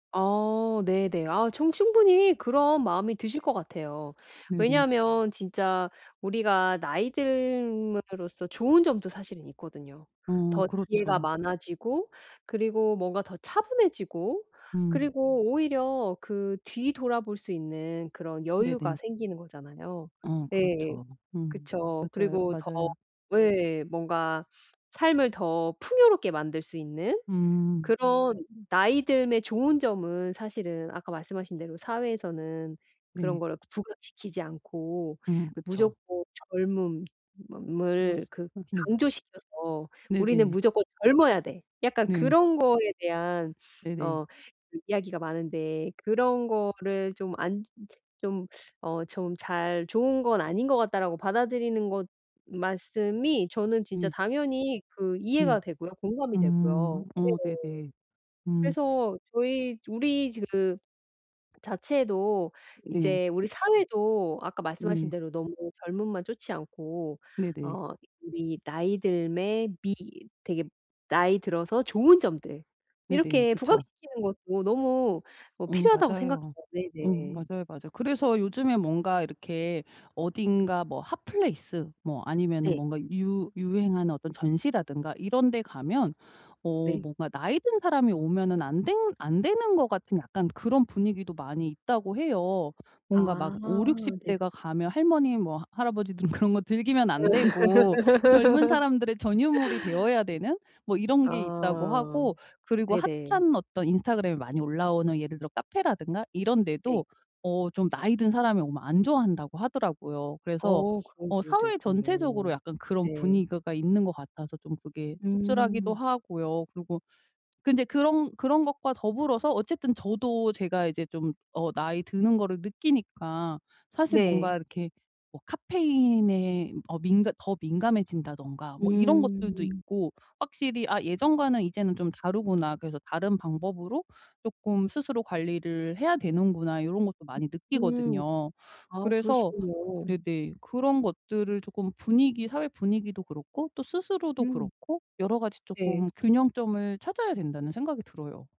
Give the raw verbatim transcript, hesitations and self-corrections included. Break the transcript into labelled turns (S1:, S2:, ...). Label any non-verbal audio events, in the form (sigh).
S1: 아 네네. 아 저는 충분히 그런 마음이 드실 것 같아요.
S2: 네네.
S1: 왜냐면 진짜 우리가 나이 듦으로써 좋은 점도 사실은 있거든요.
S2: 어
S1: 더 기회가
S2: 그렇죠.
S1: 많아지고 그리고 뭔가 더 차분해지고
S2: 음.
S1: 그리고 오히려 그 뒤돌아 볼 수 있는 그런 여유가
S2: 네네.
S1: 생기는 거잖아요.
S2: 어
S1: 네.
S2: 그렇죠. 음.
S1: 그쵸.
S2: 맞아요,
S1: 그리고 더
S2: 맞아요.
S1: 예 뭔가 삶을 더 풍요롭게 만들 수 있는
S2: 음.
S1: 그런 나이 듦의 좋은 점은 사실은 아까 말씀하신 대로 사회에서는 그런
S2: 네.
S1: 거를 그 부각시키지 않고
S2: 음 그쵸.
S1: 무조건
S2: 어
S1: 젊음을 그
S2: 어 네.
S1: 강조시켜서 "우리는
S2: 네네.
S1: 무조건 젊어야 돼." 약간
S2: 네.
S1: 그런 거에 대한
S2: 네네.
S1: 어 그 이야기가 많은데 그런 거를 좀 안 좀 어 좀 잘 '좋은 건 아닌 것 같다.'라고 받아들이는 것 말씀이 저는 진짜
S2: 예.
S1: 당연히 그
S2: 네.
S1: 이해가 되고요. 공감이
S2: 음.
S1: 되고요. 네.
S2: 어 네네. 음.
S1: 그래서 저희 우리 지금 자체도
S2: 네.
S1: 이제 우리 사회도 아까 말씀하신
S2: 네.
S1: 대로 너무 젊음만 쫒지 않고
S2: 네네.
S1: 어 우리 나이 듦에 미 되게 나이 들어서 좋은 점들
S2: 네네.
S1: 이렇게
S2: 그쵸.
S1: 부각시키는 것도 너무 어
S2: 어
S1: 필요하다고 생각해요.
S2: 맞아요. 어
S1: 네네.
S2: 맞아요, 맞아요. 그래서 요즘에 뭔가 이렇게 어딘가 뭐 핫플레이스 뭐 아니면은
S1: 네.
S2: 뭔가 유 유행하는 어떤 전시라든가 이런 데 가면 어
S1: 네.
S2: 뭔가 나이 든 사람이 오면은 안 되 안 되는 것 같은 약간 그런 분위기도 많이 있다고 해요. 뭔가 막
S1: 아.
S2: 오륙십
S1: 네네.
S2: 대가 가면 할머니 뭐 할아버지들은 그런 거 즐기면 안 되고 젊은 사람들의 전유물이
S1: (laughs)
S2: 되어야 되는 뭐 이런 게 있다고
S1: 아.
S2: 하고 그리고
S1: 네네.
S2: 핫한 어떤 인스타그램에 많이 올라오는 예를 들어 카페라든가 이런
S1: 네.
S2: 데도 어 좀 나이 든 사람이 오면 안 좋아한다고 하더라고요. 그래서
S1: 어 그런
S2: 어
S1: 부분도
S2: 사회
S1: 있군요.
S2: 전체적으로 약간 그런
S1: 네.
S2: 분위그가 있는 것 같아서 좀 그게 씁쓸하기도
S1: 음.
S2: 하고요. 그리고 근데 그런 그런 것과 더불어서 어쨌든 저도 제가 이제 좀 어 나이 드는 거를 느끼니까 사실 뭔가
S1: 네.
S2: 이렇게 뭐 카페인에 어 민감 더 민감해진다든가 뭐 이런 것들도
S1: 음.
S2: 있고 확실히 '아 예전과는 이제는 좀 다르구나. 그래서 다른 방법으로 쪼끔 스스로 관리를 해야 되는구나.' 요런 것도 많이
S1: 음.
S2: 느끼거든요.
S1: 아
S2: 그래서
S1: 그러시군요.
S2: 네네 그런 것들을 쪼끔 분위기 사회 분위기도 그렇고 또 스스로도
S1: 음.
S2: 그렇고 여러 가지 쪼끔
S1: 네.
S2: 균형점을 찾아야 된다는 생각이 들어요.